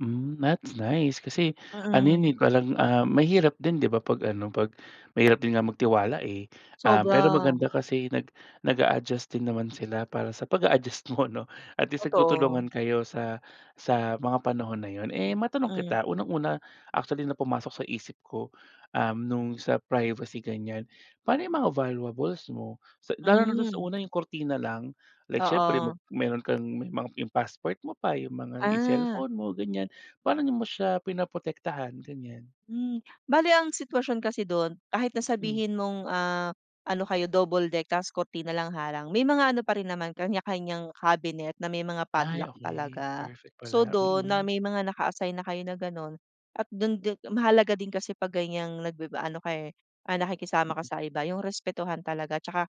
Hmm, that's nice, kasi ano yan Mm. eh parang, ah, mahirap din 'di ba pag ano pag mahirap din nga magtiwala eh. Ah, pero Sobra. maganda kasi nag nag-a-adjust din naman sila para sa pag-a-adjust mo, 'no, at least Totoo. nagtutulungan kayo sa sa mga panahon na yun. Eh, matanong Mm. kita, unang-una actually na pumasok sa isip ko, um, nung sa privacy ganyan, paano yung mga valuables mo? Sa lalo na dun sa Hmm. una yung kurtina lang, like siyempre mo Oo. meron kang may ma yung passport mo pa, yung mga yung Ah. cellphone mo ganyan, paano mo siya pinaprotektahan ganyan? Hmm, bale ang sitwasyon kasi dun, kahit na Hmm. sabihin mong, ah, ano kayo double deck tapos kurtina na lang harang may mga ano pa rin naman kanya-kanyang cabinet na may mga Ay padlock okey, talaga. perfect So pala. dun na Mm. may mga naka-assign na kayo na ganon, at dun di mahalaga din kasi pag ganyang nagbi aano ka eh, ah, nakikisama ka Mm. sa iba, yung respetuhan talaga at saka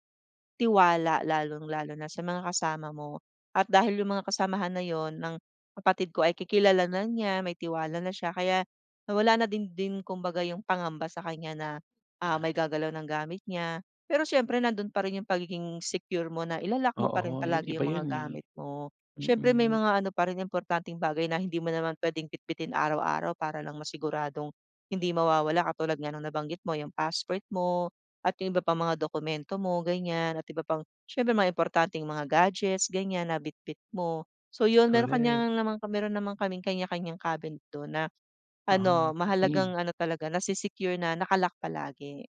tiwala lalong-lalo na sa mga kasama mo. At dahil yung mga kasamahan na yun ng kapatid ko ay ki kilala na niya, may tiwala na siya, kaya nawala na din din kumbaga yung pangamba sa kanya na ah, may Ah. gagalaw ng gamit niya. Pero siyempre nandun pa rin yung pagiging secure mo na ila-lock mo pa rin Oo, yun palagi iba yung mga yun eh, gamit mo. Siyempre may mm. mga ano pa rin importanteng bagay na hindi mo naman pwedeng bitbitin araw-araw para lang masiguradong hindi mawawala katulad nga ng nabanggit mo yung passport mo, at yung iba pang mga dokumento mo ganyan at iba pang siyempre mga importanteng mga gadgets ganyan na bitbit mo. So yun may Korek. kanya naman meron naman kaming kanya-kanyang cabinet don na Ah, ano, tipid. mahalagang ano talaga nase-secure na naka-lock palagi.